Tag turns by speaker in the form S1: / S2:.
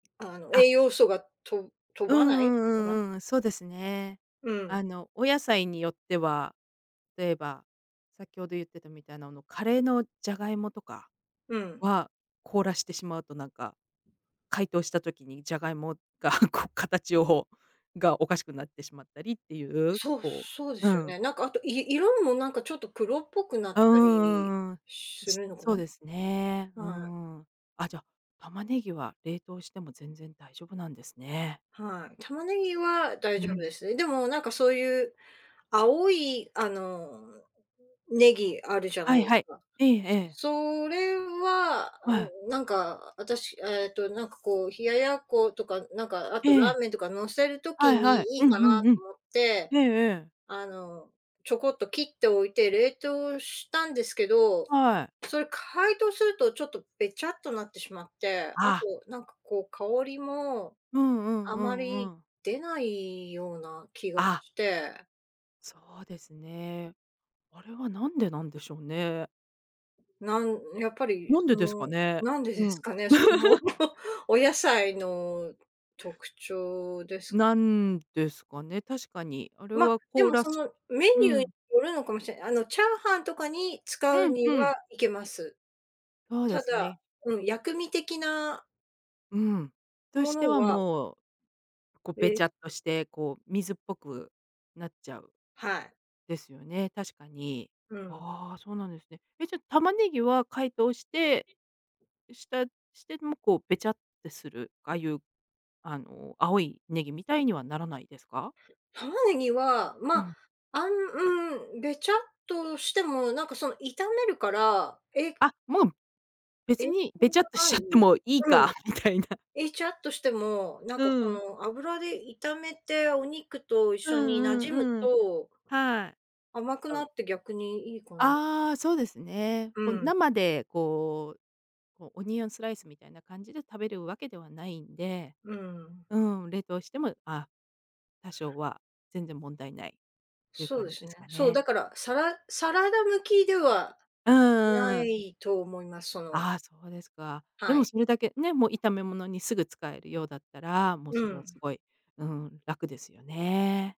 S1: あの
S2: あ。
S1: 栄養素がと飛
S2: う
S1: ばな
S2: ん
S1: い
S2: う
S1: かな。
S2: んうんうん、そうですね。
S1: うん。
S2: あのお野菜によっては、例えば、先ほど言ってたみたいなあのカレーのじゃがいもとか、
S1: うん。
S2: は、凍らしてしまうと、なんか、解凍した時にじゃがいもがこう形をがおかしくなってしまったりっていう、
S1: そう
S2: こ
S1: そうで
S2: う、う
S1: すよ
S2: ん。
S1: ね。なんかあと、い色もなんかちょっと黒っぽくなっ
S2: うんうん
S1: たり
S2: うんうんうん。
S1: するのか
S2: そう
S1: な。
S2: ですね。う
S1: はい。
S2: ん。あ、じゃ、玉ねぎは冷凍しても全然大丈夫なんですね。
S1: はい。玉ねぎは大
S2: う
S1: 丈夫
S2: ん。
S1: ですね。でもなんかそういう、青いあの葱あるじゃな
S2: は
S1: い
S2: い
S1: で
S2: は
S1: す
S2: い。
S1: か。
S2: ええええ。
S1: そそれは、あ
S2: は
S1: の
S2: い。
S1: なんか、私、えっとなんかこう、冷奴ことか、なんかあ
S2: え
S1: とラ
S2: え。
S1: ーメンとか乗せる
S2: は
S1: 時
S2: いはい、
S1: にいい
S2: うん
S1: かなと
S2: うんうん。
S1: 思って、
S2: ええええ。
S1: あのちょこっと切っておいて冷凍したんですけど、
S2: はい。
S1: それ解凍するとちょっとべちゃっとなってしまって、あと、
S2: あ。
S1: なんかこう香りも、
S2: うん、うん、
S1: あ
S2: う
S1: ま
S2: ん、う
S1: り
S2: ん。
S1: 出ないような気が
S2: あ。
S1: して。
S2: そうですね。あれは何でなんでしょうね。
S1: なんやっぱり、
S2: なん
S1: そ
S2: でですか
S1: の、
S2: ね、
S1: なんで
S2: う
S1: です
S2: ん。
S1: かね、その、お野菜の特徴ですか？
S2: なんですかね、確かにあれ
S1: ま、
S2: は
S1: で
S2: 凍
S1: も
S2: ら
S1: そ
S2: す
S1: のメ
S2: う
S1: ニューに
S2: ん。
S1: よるのかもしれない。あのチャーハンとかに
S2: う
S1: 使う
S2: ん
S1: に
S2: う
S1: は
S2: ん。
S1: いけます。
S2: そう
S1: た
S2: です
S1: だ、
S2: ね。
S1: うん、薬味的な
S2: うん。と
S1: も
S2: して
S1: の
S2: は
S1: は
S2: もう、こうべ
S1: で。
S2: ちゃっとして、こう水っぽくなっちゃう。
S1: はい。
S2: ですよね、確かに。
S1: うん。
S2: ああ、そうなんですね。え、じゃ、玉ねぎは解凍して、したしてもこうべちゃってする、ああいう、あの青いネギみたいにはならないですか？
S1: 玉ねぎは、
S2: う
S1: ま、
S2: ん。
S1: あんん、べちゃっとしても、なんかその炒めるから、え
S2: あ、もう、別
S1: 影
S2: に、
S1: 響
S2: べちゃっと
S1: は
S2: し
S1: な
S2: ちゃって
S1: い。
S2: もいい
S1: う
S2: か
S1: ん。
S2: みたいな。
S1: べちゃっとしても、なんか
S2: う
S1: そ
S2: ん。
S1: の、油で炒めてお肉と一
S2: う
S1: 緒
S2: ん
S1: に馴染
S2: う
S1: む
S2: んうん。
S1: と
S2: はい。
S1: 甘く
S2: あ
S1: な
S2: う。
S1: って逆にいいかな。
S2: ああ、そうですね。
S1: う
S2: こう
S1: ん。
S2: 生でこうこうオニオンスライスみたいな感じで食べる訳ではないんで。
S1: うん。
S2: うん、冷凍しても、あ、多少は全然問題ないっていう
S1: そう
S2: 感
S1: で
S2: じ
S1: す
S2: で
S1: ね、
S2: すか
S1: そう、
S2: ね。
S1: だから、サラサラダ向きでは
S2: うん
S1: な
S2: うんうん。
S1: いと思います、その
S2: ああ、そうですか。で
S1: は
S2: も
S1: い。
S2: それだけね、もう炒め物にすぐ使えるようだったら、もう
S1: う
S2: それは
S1: ん。
S2: すごい。うん、楽ですよね。